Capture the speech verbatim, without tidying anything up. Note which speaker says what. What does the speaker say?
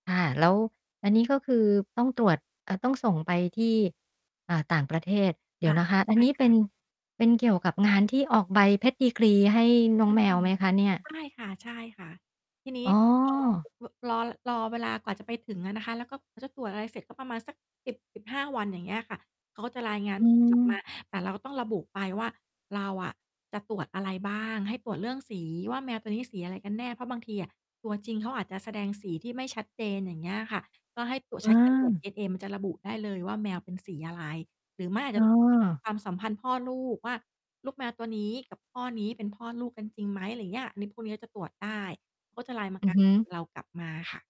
Speaker 1: ค่ะ แล้วอันนี้ ก็คือต้องตรวจ เอ่อ ต้องส่งไปที่ อ่า ต่างประเทศ เดี
Speaker 2: ค
Speaker 1: ๋ย
Speaker 2: ่
Speaker 1: ว
Speaker 2: ะ
Speaker 1: นะคะ อ
Speaker 2: ใ
Speaker 1: ัน
Speaker 2: ช่
Speaker 1: นี้
Speaker 2: ค
Speaker 1: เป็
Speaker 2: ่ะ
Speaker 1: น เป็นเกี่ยวกับงานที่ออกใบ Pedigree ให้น้อ
Speaker 2: อ
Speaker 1: ง
Speaker 2: ื
Speaker 1: แมว
Speaker 2: ม
Speaker 1: ไหมคะเนี่ย?
Speaker 2: ใช่ค่ะ ๆ ทีนี
Speaker 1: อ
Speaker 2: ้
Speaker 1: ๋อ
Speaker 2: พอ อ ฮ รอ รอเวลากว่าจะไปถึงอะนะคะ แล้วก็เขาจะตรวจอะไรเสร็จ ก็ประมาณสัก สิบสิบห้า วัน อย่างเงี้ยค่ะ เขาจะรายงาน
Speaker 1: อื
Speaker 2: กลับ มา
Speaker 1: ม
Speaker 2: แต่เราก็ต้องระบุไปว่า เราอะจะตรวจอะไรบ้าง ให้ตรวจเรื่องสีว่า แมวตัวนี้สีอะไรกันแน่? เพราะบางทีอะตัวจริงเขาอาจจะแสดงสีที่ไม่ชัดเจน อย่างเงี้ยค่ะ ก็ให้ตรวจ
Speaker 1: เ
Speaker 2: ใช้การตรวจ
Speaker 1: ออ
Speaker 2: DNA มันจะระบุได้เลยว่า แมวเป็นสีอะไร? หรือไม่อาจ
Speaker 1: อ
Speaker 2: จ
Speaker 1: ๋
Speaker 2: ะ
Speaker 1: อ
Speaker 2: ความสัมพันธ์พ่อลูกว่า ลูกแมวตัวนี้กับพ่อนี้ เป็นพ่อลูกกันจริงไหม? ไรอย่างเงี้ย อันนี้พวกนี้ก็จะตรวจได้ เขาก็จะรายมา
Speaker 1: อื
Speaker 2: ง
Speaker 1: อ
Speaker 2: า
Speaker 1: ฮ
Speaker 2: น
Speaker 1: ึ
Speaker 2: ผลเรากลับมาค่ะ